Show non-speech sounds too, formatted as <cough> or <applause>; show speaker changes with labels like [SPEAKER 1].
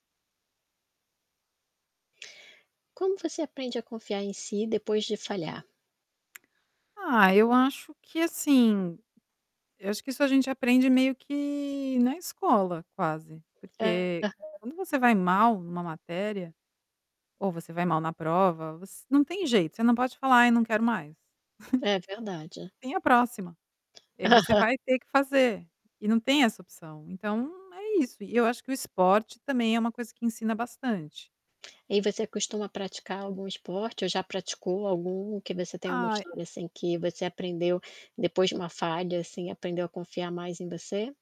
[SPEAKER 1] Como você aprende a confiar em si depois de falhar?
[SPEAKER 2] Ah, eu acho que assim, eu acho que isso a gente aprende meio que na escola, quase. Porque
[SPEAKER 1] Aham.
[SPEAKER 2] quando você vai mal em uma matéria, ou você vai mal na prova, você não tem jeito, você não pode falar: "Ai eu não quero mais."
[SPEAKER 1] É verdade.
[SPEAKER 2] <chuckles> Tem a próxima. E aí você
[SPEAKER 1] Aham.
[SPEAKER 2] vai ter que fazer, e não tem essa opção. Então é isso, e eu acho que o esporte também é uma coisa que ensina bastante.
[SPEAKER 1] E você costuma praticar algum esporte ou já praticou algum que você tem alguma
[SPEAKER 2] Ai
[SPEAKER 1] história assim que você aprendeu depois de uma falha assim, aprendeu a confiar mais em você?